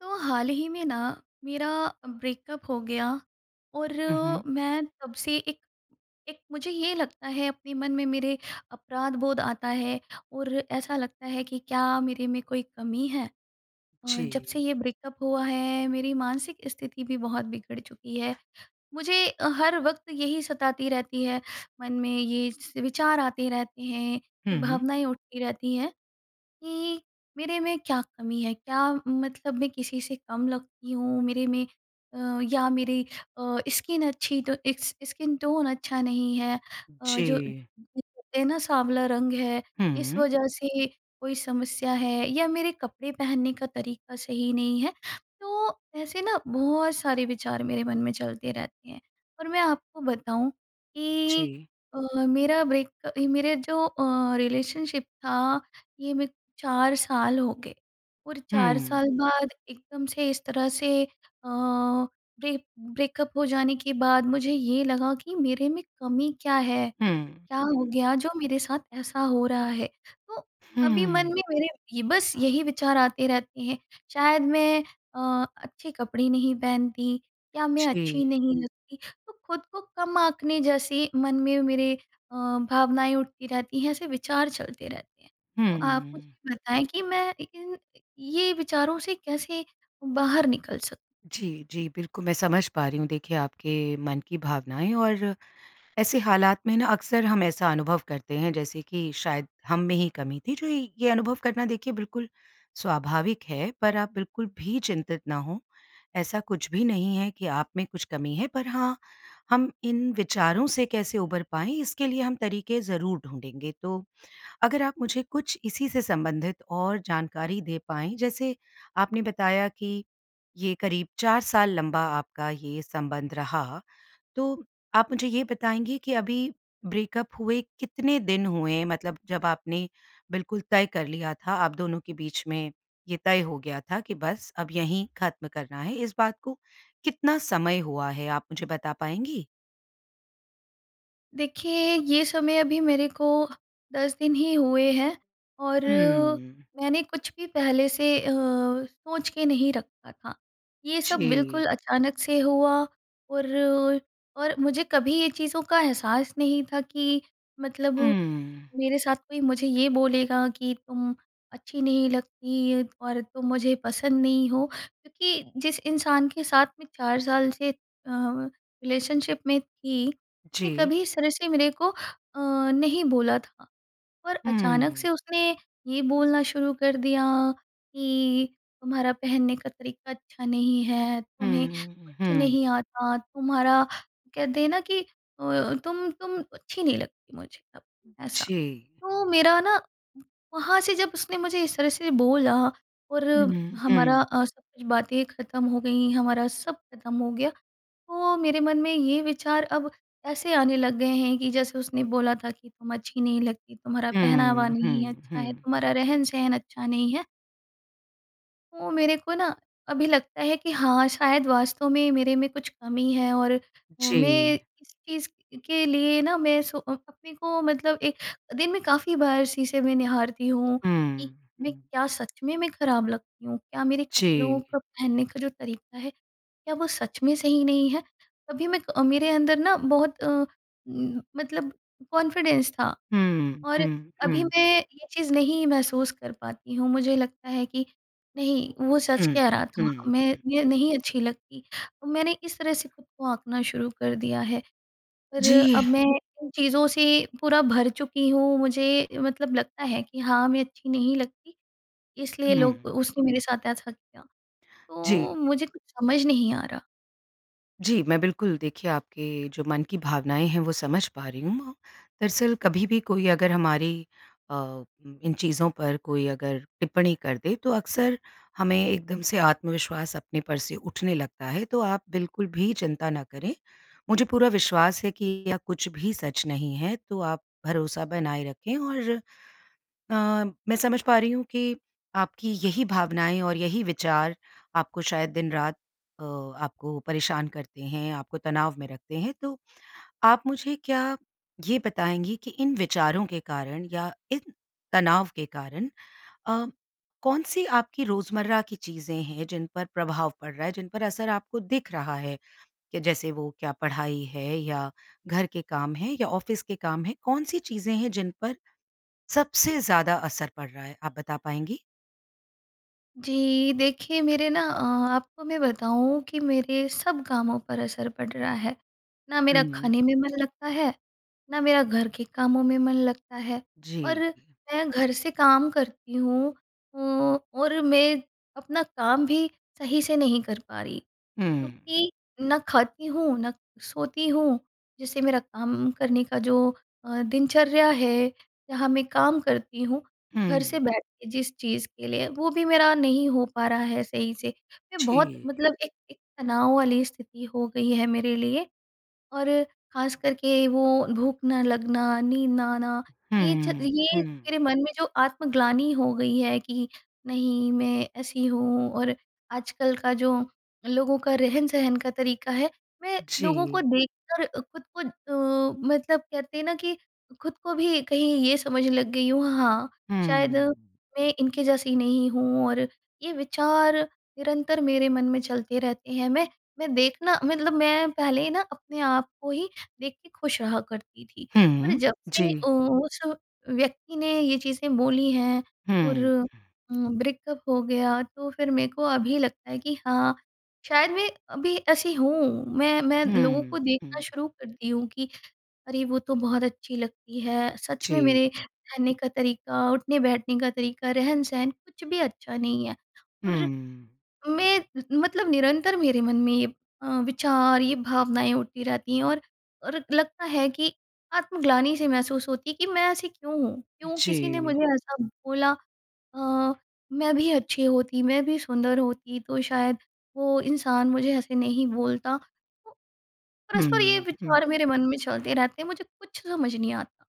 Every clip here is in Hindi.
तो हाल ही में ना मेरा ब्रेकअप हो गया और हुँ, हुँ। मैं तब से एक एक मुझे ये लगता है अपने मन में मेरे अपराध बोध आता है और ऐसा लगता है कि क्या मेरे में कोई कमी है? अ, जब से जी। ये ब्रेकअप हुआ है मेरी मानसिक स्थिति भी बहुत बिगड़ चुकी है। मुझे अ, हर वक़्त यही सताती रहती है, मन में ये स विचार आते रहते हैं, ये हुँ। भावनाएँ उठती रहती हैं कि मेरे में क्या कमी है, क्या मतलब मैं किसी से कम लगती हूँ मेरे में अ, या मेरी अ, स्किन अच्छी तो इकस स्किन टोन अच्छा नहीं है, अ, जो जी। [unintelligible] कहते हैं ना साँवला रंग है, इस हुँ। वजह से कोई समस्या है, या मेरे कपड़े पहनने का तरीका सही नहीं है, तो ऐसे ना बहुत सारे विचार मेरे मन में चलते रहते हैं। और मैं आपको बताऊँ कि जी। अ, मेरा ब्रेक मेरे जो अ, रिलेशनशिप था ये मैं 4 साल हो गए। और 4 हुँ। साल बाद एकदम से इस तरह से अ, ब्रे ब्रेकअप हो जाने के बाद मुझे ये लगा कि मेरे में कमी क्या है, हुँ, क्या हुँ। हो गया जो मेरे साथ ऐसा हो रहा है। तो अभी मन हुँ। में मेरे ये बस यही विचार आते रहते हैं, शायद मैं अ, अच्छे कपड़े नहीं पहनती, क्या मैं अच्छी जी। नहीं लगती, तो खुद को कम आँकने जैसी मन में मेरे अ, भावनाएँ उठती रहती हैं, ऐसे विचार चलते रहते हैं। तो आप हुँ। मुझे बताएँ कि मैं इ इन ये विचारों से कैसे बाहर निकल सकूँ? जी, जी बिल्कुल मैं समझ पा रही हूँ देखिए, आपके मन की भावनाएँ और ऐसे हालात में ना, अक्सर हम ऐसा अनुभव करते हैं जैसे कि शायद हम में ही कमी थी। जो इ ये अनुभव करना देखिए बिल्कुल स्वाभाविक है पर आप बिल्कुल भी चिंतित ना हों, ऐसा कुछ भी नहीं है कि आप में कुछ कमी है पर हाँ, हम इन विचारों से कैसे उभर पाएँ इसके लिए हम तरीके ज़रूर ढूँढेंगे। तो अगर आप मुझे कुछ इसी से संबंधित और जानकारी दे पाएँ, जैसे आपने बताया कि ये करीब 4 साल लंबा आपका ये संबंध रहा। तो आप मुझे ये बताएँगी कि अभी ब्रेकअप हुए कितने दिन हुए? मतलब जब आपने बिल्कुल तय कर लिया था, आप दोनों के बीच में ये तय हो गया था कि बस अब यहीं खत्म करना है, इस बात को कितना समय हुआ है आप मुझे बता पाएँगी? देखिए ये समय अभी मेरे को 10 दिन ही हुए हैं। और हुँ। मैंने कुछ भी पहले से अ, सोच के नहीं रखा था। ये सब जी। बिल्कुल अचानक से हुआ और ओ और मुझे कभी ये चीज़ों का एहसास नहीं था कि मतलब हुँ। मेरे साथ कोई मुझे ये बोलेगा कि, "तुम अच्छी नहीं लगती और तुम मुझे पसंद नहीं हो।" क्योंकि जिस इंसान के साथ मैं 4 साल से अ, रिलेशनशिप में थी। उसने जी। कभी इस तरह से मेरे को अ, नहीं बोला था। और अचानक हुँ। से उसने ये बोलना शुरू कर दिया कि, "तुम्हारा पहनने का तरीका अच्छा नहीं है। तुम्हें हुँ, कुछ हुँ। नहीं आता। तुम्हारा कहते हैं ना कि अ, तुम तुम अच्छी नहीं लगती मुझे अब" ऐसा। जी। तो मेरा ना वहाँ से जब उसने मुझे इस तरह से बोला और उम, हमारा हुँ। अ, सब कुछ बातें ख़त्म हो गई हमारा सब ख़त्म हो गया। तो मेरे मन में ये विचार अब ऐसे आने लग गए हैं कि जैसे उसने बोला था कि, "तुम अच्छी नहीं लगती, तुम्हारा पहनावा हुँ, नहीं है हुँ, अच्छा है हुँ। तुम्हारा रहन-सहन अच्छा नहीं है।" वो मेरे को ना अभी लगता है कि हाँ, शायद वास्तव में मेरे में कुछ कमी है और अ, मैं जी। इस चीज़ के लिए ना मैं सो अ अपने को मतलब एक दिन में काफ़ी बार शीशे में निहारती हूँ कि हुँ, मैं हुँ। क्या सच में मैं खराब लगती हूँ? क्या मेरे कपड़ों जी। का पहनने का जो तरीका है क्या वो सच में सही नहीं है? कभी मैं अ, मेरे अंदर ना बहुत अ, उम, मतलब कॉन्फिडेंस था हुँ, और हुँ, अभी हुँ। मैं ये चीज़ नहीं महसूस कर पाती हूँ। मुझे लगता है कि नहीं वो सच हुँ, कह रहा था, हुँ, मैं हुँ। ये नहीं अच्छी लगती। अ, मैंने इस तरह से खुद को आँकना शुरू कर दिया है और अब जी। मैं इन चीज़ों से पूरा भर चुकी हूँ मुझे मतलब लगता है कि हाँ, मैं अच्छी नहीं लगती, इसलिए हुँ। लोग उसने मेरे साथ ऐसा किया। तो जी। मुझे कुछ समझ नहीं आ रहा। जी, मैं बिल्कुल देखिए आपके जो मन की भावनाएँ हैं वो समझ पा रही हूँ। दरअसल कभी भी कोई अगर हमारी अ, इन चीज़ों पर कोई अगर टिप्पणी कर दे तो अक्सर हमें एकदम से आत्मविश्वास अपने पर से उठने लगता है। तो आप बिल्कुल भी चिंता ना करें मुझे पूरा विश्वास है कि या कुछ भी सच नहीं है। तो आप भरोसा बनाए रखें और अ, मैं समझ पा रही हूँ कि आपकी यही भावनाएँ और यही विचार आपको शायद दिन-रात अ, आपको परेशान करते हैं, आपको तनाव में रखते हैं तो, आप मुझे क्या ये बताएँगी कि इन विचारों के कारण या इन तनाव के कारण अ, कौन-सी आपकी रोज़मर्रा की चीज़ें हैं जिन पर प्रभाव पड़ रहा है? जिन पर असर आपको दिख रहा है? कि जैसे वो क्या पढ़ाई है या घर के काम हैं या ऑफिस के काम हैं, कौन-सी चीज़ें हैं जिन पर सबसे ज़्यादा असर पड़ रहा है, आप बता पाएँगी? जी, देखिए, मेरे ना अ, आपको मैं बताऊँ कि मेरे सब कामों पर असर पड़ रहा है। ना मेरा हुँ। खाने में मन लगता है, ना मेरा घर के कामों में मन लगता है, और जी। हुँ। मैं घर से काम करती हूँ अ, और मैं अपना काम भी सही से नहीं कर पा रही, हुँ। क्योंकि ना खाती हूँ, ना सोती हूँ, जिससे मेरा काम करने का जो अ, दिनचर्या है, जहाँ मैं काम करती हूँ, घर हुँ। से बैठ के जिस चीज़ के लिए, वो भी मेरा नहीं हो पा रहा है सही से। मैं बहुत जी। मतलब एक एक तनाव वाली स्थिति हो गई है मेरे लिए, और खासकर के वो भूख ना लगना, नींद ना आना, ये च हुँ, ये हुँ। मेरे मन में जो आत्मग्लानी हो गई है कि नहीं, मैं ऐसी हूँ और आजकल का जो लोगों का रहन-सहन का तरीका है, मैं लोगों को जी। देखकर खुद को अ, मतलब कहते हैं ना कि खुद को भी कहीं ये समझने लग गई हूँ, हाँ, शायद हुँ। मैं इनके जैसी नहीं हूँ और ये विचार निरंतर मेरे मन में चलते रहते हैं। मैं मैं देखना मतलब मैं पहले ना, अपने आप को ही देख के खुश रहा करती थी और हुँ, जब से जी। अ, उस व्यक्ति ने ये चीज़ें बोली हैं और हुँ। उम, ब्रेकअप हो गया, तो फिर मेरे को अभी लगता है कि हाँ, शायद मैं अभी ऐसी हूँ। मैं मैं लोगों हुँ, को देखना हुँ। शुरू करती हूँ कि अरे! वो तो बहुत अच्छी लगती है। सच जी। में मेरे रहने का तरीका, उठने-बैठने का तरीका, रहन-सहन कुछ भी अच्छा नहीं है। और हुँ। मैं उम उम, मतलब निरंतर मेरे मन में ये अ, विचार, ये भावनाएँ उठती रहती हैं और और लगता है कि आत्मग्लानी-सी महसूस होती है कि मैं ऐसी क्यों हूँ? क्यों किसी ने जी। मुझे ऐसा बोला? अ, मैं भी अच्छी होती, मैं भी सुंदर होती, तो शायद वो इंसान मुझे ऐसे नहीं बोलता। परस्पर ये हुँ, हुँ। विचार मेरे मन में चलते रहते हैं, मुझे कुछ समझ नहीं आता।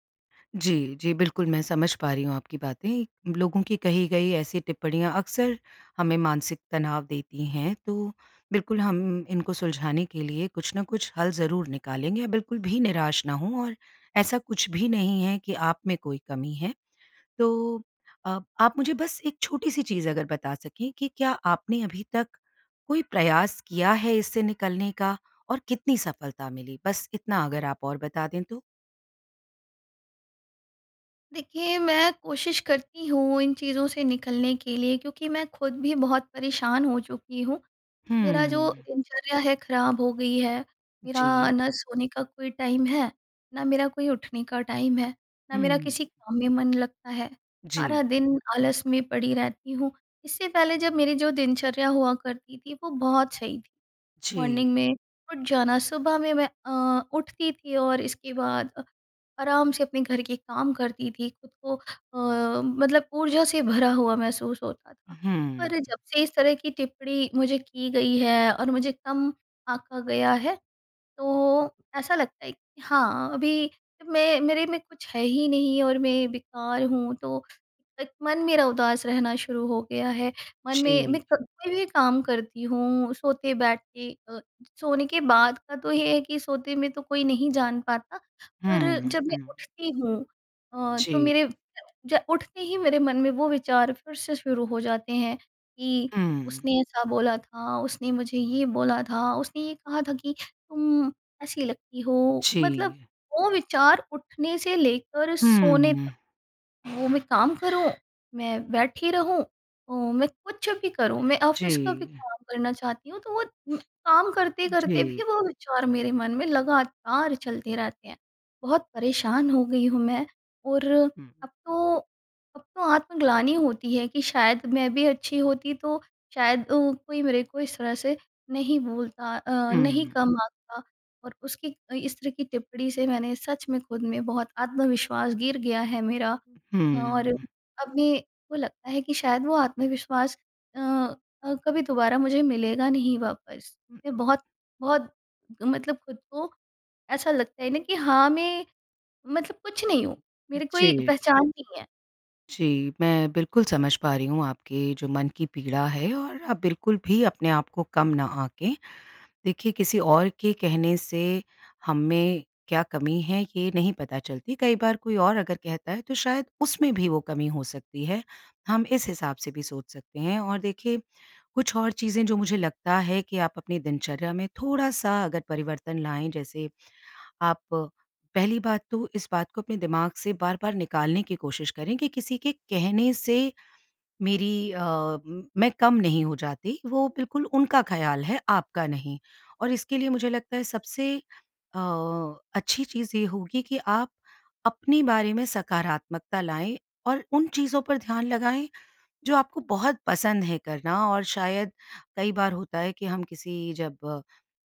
जी, जी, बिल्कुल। मैं समझ पा रही हूँ आपकी बातें, लोगों की कही गई ऐसी टिप्पणियाँ अक्सर हमें मानसिक तनाव देती हैं, तो बिल्कुल हम इनको सुलझाने के लिए कुछ न कुछ हल ज़रूर निकालेंगे। बिल्कुल भी निराश ना हों और ऐसा कुछ भी नहीं है कि आप में कोई कमी है। तो अ, आप मुझे बस एक छोटी-सी चीज़ अगर बता सकें कि, क्या आपने अभी तक कोई प्रयास किया है, इससे निकलने का और कितनी सफलता मिली? बस इतना अगर आप और बता दें तो। देखिए, मैं कोशिश करती हूँ इन चीज़ों से निकलने के लिए क्योंकि मैं खुद भी बहुत परेशान हो चुकी हूँ। मेरा जो हम्म। दिनचर्या है खराब हो गई है, मेरा जी। ना सोने का कोई टाइम है, ना मेरा कोई उठने का टाइम है, ना मेरा हुँ। किसी काम में मन लगता है जी। सारा दिन आलस में पड़ी रहती हूँ। इससे पहले जब मेरी जो दिनचर्या हुआ करती थी वो बहुत सही थी। मॉर्निंग जी। में उठ जाना सुबह में मैं अ, उठती थी और इसके बाद अ, आराम से अपने घर के काम करती थी, खुद को अ, मतलब ऊर्जा से भरा हुआ महसूस होता था। पर हम्म। जब से इस तरह की टिप्पणी मुझे की गई है और मुझे कम आँका गया है, तो ऐसा लगता है कि हाँ, अभी मैं मेरे में कुछ है ही नहीं और मैं बेकार हूँ, तो एक मन मेरा उदास रहना शुरू हो गया है, मन में मैं जी। कभी भी काम करती हूँ। सोते बैठते अ, सोने के बाद का तो ये है कि, सोते में तो कोई नहीं जान पाता पर हम्म। जब मैं हुँ। उठती हूँ अ, तो जी। मेरे ज उठते ही मेरे मन में वो विचार फिर से शुरू हो जाते हैं कि, हुँ। उसने ऐसा बोला था, उसने मुझे ये बोला था, उसने ये कहा था कि तुम, ऐसी लगती हो मतलब जी। वो विचार उठने से लेकर सोने हम्म। तक। वो मैं काम करूँ, मैं बैठी रहूँ अ, मैं कुछ भी करूँ मैं ऑफिस का भी जी। काम करना चाहती हूँ तो वो काम करते-करते जी। भी वो विचार मेरे मन में लगातार चलते रहते हैं। बहुत परेशान हो गई हूँ मैं और हुँ। अब तो अब तो आत्मग्लानी होती है कि शायद मैं भी अच्छी होती तो शायद अ, कोई मेरे को इस तरह से नहीं बोलता अ, नहीं हुँ। कम आँकता और उसकी इस तरह की टिप्पणी से मैंने सच में खुद में बहुत आत्मविश्वास गिर गया है, मेरा और हम्म। अभी वो लगता है कि शायद वो आत्मविश्वास अ अ, कभी दोबारा मुझे मिलेगा नहीं वापस। मैं बहुत, बहुत मतलब खुद को ऐसा लगता है ना कि हाँ, मैं मतलब कुछ नहीं हूँ, मेरी कोई जी। पहचान नहीं है। जी, मैं बिल्कुल समझ पा रही हूँ आपके जो मन की पीड़ा है और आप बिल्कुल भी अपने आप को कम ना आंकें। देखिए किसी ओर के कहने से, हम में क्या कमी है ये नहीं पता चलती, कई बार कोई और अगर कहता है तो शायद उसमें भी वो कमी हो सकती है, हम इस हिसाब से भी सोच सकते हैं। और देखिए कुछ और चीज़ें जो मुझे लगता है कि आप अपनी दिनचर्या में थोड़ा-सा अगर परिवर्तन लाएँ, जैसे आप, पहली बात तो इस बात को अपने दिमाग से बार-बार निकालने की कोशिश करें कि किसी के कहने से मेरी अ, मैं कम नहीं हो जाती वो बिल्कुल उनका ख़्याल है, आपका नहीं। और इसके लिए मुझे लगता है सबसे अ, अच्छी चीज़ ये होगी कि आप अपने बारे में सकारात्मकता लाएँ और उन चीज़ों पर ध्यान लगाएँ, जो आपको बहुत पसंद है करना और शायद कई बार होता है कि हम किसी जब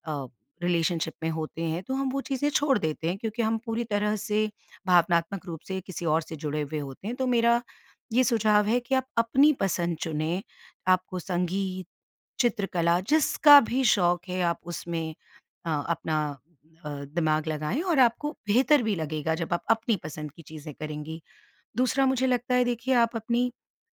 अ, रिलेशनशिप में होते हैं, तो हम वो चीज़ें छोड़ देते हैं क्योंकि हम पूरी तरह से भावनात्मक रूप से किसी और से जुड़े हुए होते हैं। तो मेरा ये सुझाव है कि आप अपनी पसंद चुनें, आपको संगीत, चित्रकला जिसका भी शौक़ है आप उसमें अ, अपना अ, दिमाग लगाएँ और आपको बेहतर भी लगेगा, जब आप अपनी पसंद की चीज़ें करेंगी। दूसरा मुझे लगता है देखिए, आप अपनी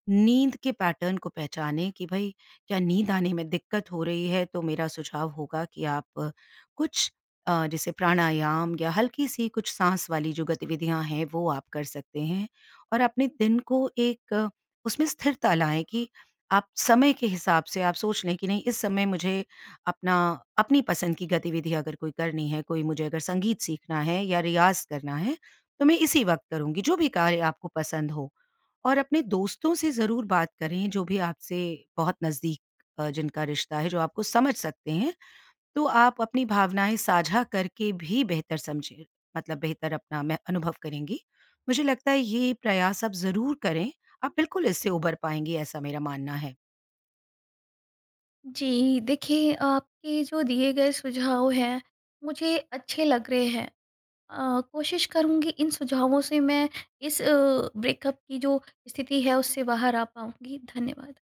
नींद के पैटर्न को पहचानें कि भई, क्या नींद आने में दिक्कत हो रही है? तो मेरा सुझाव होगा कि आप कुछ अ, जैसे प्राणायाम या हल्की-सी कुछ साँस वाली जो गतिविधियाँ हैं वो आप कर सकते हैं और अपने दिन को एक उसमें स्थिरता लाएँ कि, आप समय के हिसाब से आप सोच लें कि नहीं इस समय मुझे अपना अपनी पसंद की गतिविधि अगर कोई करनी है, कोई मुझे अगर संगीत सीखना है या रियाज़ करना है, तो मैं इसी वक़्त करुँगी, जो भी कार्य आपको पसंद हो। और अपने दोस्तों से ज़रूर बात करें, जो भी आपसे बहुत नज़दीक अ, जिनका रिश्ता है जो आपको समझ सकते हैं, तो आप अपनी भावनाएँ साझा करके भी बेहतर समझिए मतलब बेहतर अपना में अनुभव करेंगी। मुझे लगता है ये प्रयास आप ज़रूर करें, आप बिल्कुल इससे उबर पाएँगी ऐसा मेरा मानना है। जी, देखिए आपके जो दिए गए सुझाव हैं, मुझे अच्छे लग रहे हैं। अ, कोशिश करुँगी इन सुझावों से मैं इस अ, ब्रेकअप की जो स्थिति है उससे बाहर आ पाऊँगी, धन्यवाद।